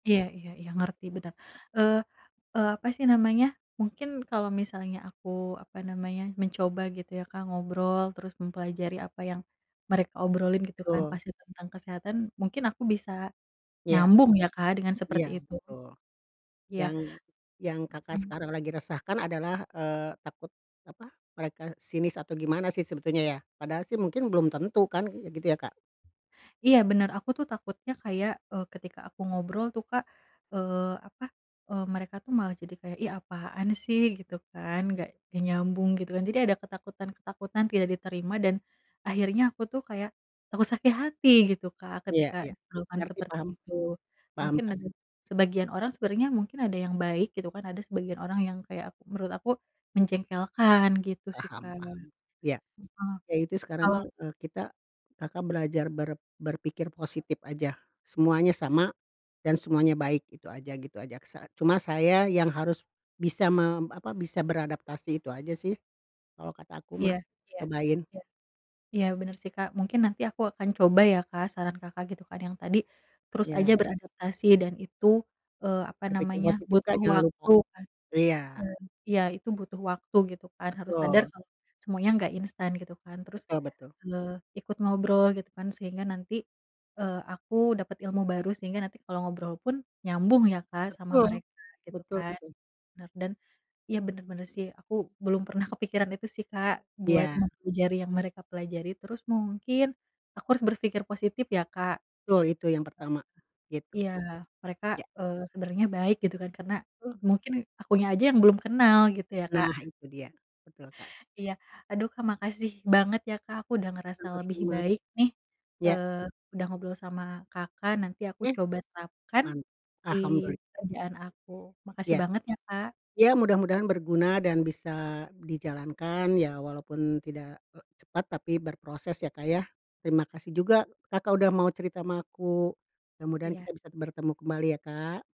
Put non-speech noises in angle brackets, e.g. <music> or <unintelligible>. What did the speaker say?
Iya iya iya, ngerti, bener. Eee eee, apa sih namanya, mungkin kalau misalnya aku apa namanya mencoba gitu ya, Kak, ngobrol terus mempelajari apa yang mereka obrolin gitu kan Betul. pasti tentang kesehatan, mungkin aku bisa Iya. nyambung ya, Kak, dengan Iya, seperti itu? betul. Iya. Yang yang Kakak Mhm. sekarang lagi resahkan adalah, eee, takut apa, mereka sinis atau gimana sih sebetulnya ya? Padahal sih mungkin belum tentu kan kayak gitu ya, Kak? Iya, benar, aku tuh takutnya kayak, eee, ketika aku ngobrol tuh, Kak, eee, apa, eee, mereka tuh malah jadi kayak, "Ih, apaan sih?" Gitu kan, "Gak gak nyambung," gitu kan. Jadi ada ketakutan-ketakutan tidak diterima dan akhirnya aku tuh kayak takut sakit hati gitu, Kak, Iya ketika iya. diperlakukan Ngerti, seperti paham, itu, paham, mungkin Kak. ada sebagian orang sebenernya mungkin ada yang baik gitu kan, ada sebagian orang yang kayak menurut aku menjengkelkan, gitu sih, Paham Kak. paham, ya. Heeh, Ya itu sekarang kalo mah, eee, kita Kakak belajar ber berpikir positif aja, semuanya sama dan semuanya baik itu aja, gitu aja saat cuma saya yang harus bisa mem apa, bisa beradaptasi, itu aja sih kalau kata aku Iya mah iya cobain. iya. Iya, bener sih, Kak, mungkin nanti aku akan coba ya, Kak, saran Kakak gitu kan yang tadi terus aja Iya. beradaptasi dan itu, eee, apa Berpikir namanya, positif, Kak, butuh jangan lupa. waktu kan. Iya. <unintelligible> iya, itu butuh waktu gitu kan, harus sadar Betul. kalau semuanya gak instan gitu kan. Terus, Betul betul. eee, ikut ngobrol gitu kan sehingga nanti, eee, aku dapet ilmu baru sehingga nanti kalau ngobrol pun nyambung ya, Kak, sama Betul, mereka gitu betul kan, betul. bener. Dan iya, bener bener sih, aku belum pernah kepikiran itu sih, Kak, buat Iya. mempelajari yang mereka pelajari. Terus mungkin aku harus berpikir positif ya, Kak. Betul, itu yang pertama gitu. Iya, mereka, Ya. eee, sebenernya baik gitu kan, karena Betul. mungkin akunya aja yang belum kenal gitu ya, Kak? Nah itu dia. Betul, Kak. Iya. Aduh, Kak, makasih banget ya, Kak, aku udah ngerasa lebih Sama-sama, baik nih, ya. eee, udah ngobrol sama Kakak, nanti aku Oke. coba terapkan Man di alhamduli pekerjaan aku. Makasih Ya. banget ya, Kak. Ya mudah-mudahan berguna dan bisa dijalankan ya, walaupun tidak, eee, cepat tapi berproses ya, Kak, ya. Terima kasih juga Kakak udah mau cerita sama aku, mudah-mudahan kita Iya. bisa bertemu kembali ya, Kak.